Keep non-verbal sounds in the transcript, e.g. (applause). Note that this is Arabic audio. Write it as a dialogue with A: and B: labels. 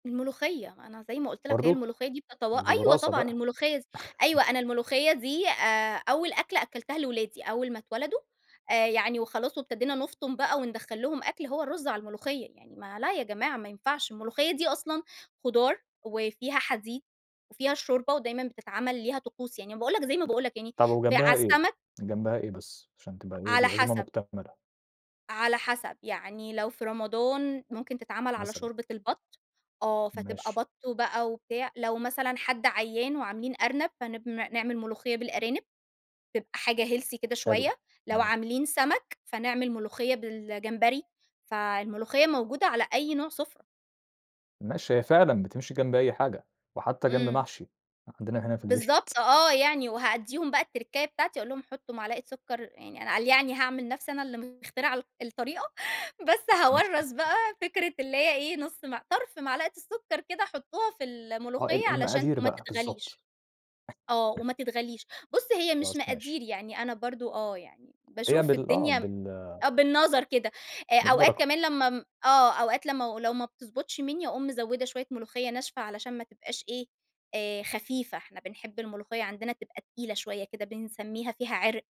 A: الملوخيّة. أنا زي ما قُلت لك هي
B: برضه!
A: الملوخيّة دي بتتوا
B: ده دي
A: أيوَه
B: وراثة
A: طبعًا.
B: بقى.
A: الملوخيّة س
B: (chuckles)
A: أيوه، أنا الملوخيّة دي آآ أول أكلة أكّلتها لولادي، أول ما اتولدوا آآ يعني وخلاص وابتدينا نُفطُم بقى وندخّل لهم أكل، هو الرُز على الملوخيّة. يعني ما لأ يا جماعة ما ينفعش، الملوخيّة دي أصلًا خضار، وفيها حديد، وفيها الشوربة ودايمًا بتتعمل ليها طقوس. يعني أنا باقول لك زي ما باقول لك يعني
B: طَب
A: في على
B: وجنبها إيه؟
A: السَمَك
B: جنبها إيه بس عشان تبقى إيه،
A: على
B: العزومة
A: حَسَب.
B: مكتملة؟
A: على حَسَب. يعني لو في رمضان ممكن تتعمل على
B: مثلًا.
A: شوربة البَط، آه. فتبقى
B: ماشي.
A: بَط بقى وبتاع. لو مثلًا حد عيّان وعاملين أرنب، فنب ن نعمل ملوخيّة بالأرانب، تبقى حاجة healthy كده
B: حلو.
A: شويّة، لو
B: تمام.
A: عاملين سَمَك، فنعمل ملوخيّة بالجمبري، فالملوخيّة موجودة على أي نوع سُفرة.
B: ماشي، هي فعلًا بتمشي جنب أي حاجة وحتّى جنب
A: إمم.
B: محشي، عندنا هنا في البيت. (chuckles)
A: بالضبط آه يعني، وهادّيهم بقى التركّاية بتاعتي، أقول لهم حطّوا معلقة سُكّر يعني قال يعني أنا هاعمل نَفْسي أنا اللي مخترعة ال الطريقة، بس هاورّث
B: (unintelligible)
A: بقى فكرة اللي هي إيه، نُص مع طَرْف معلقة السُكّر كده حطّوها في
B: آه.
A: الملوخيّة
B: ال
A: علشان
B: المقادير
A: ما
B: بقى
A: تتغليش.
B: بالضبط.
A: آه وما تتغليش. بُص، هي مش
B: خلاص ماشي.
A: مقادير يعني أنا برضه آه، يعني
B: هي
A: باشوف
B: بال آه.
A: الدنيا م
B: بال
A: آه بالنظر كده. آآ أوقات
B: بالبَرَكة
A: كمان لمّا م آه. أوقات لمّا و لو ما بتضبطش مِنّي، أقوم مزوّدة شويّة ملوخيّة ناشفة علشان ما تبقاش إيه، آآ خفيفة، إحنا بنحب الملوخيّة عندنا تبقى تقيلة شويّة كده بنسميها فيها عِرْق.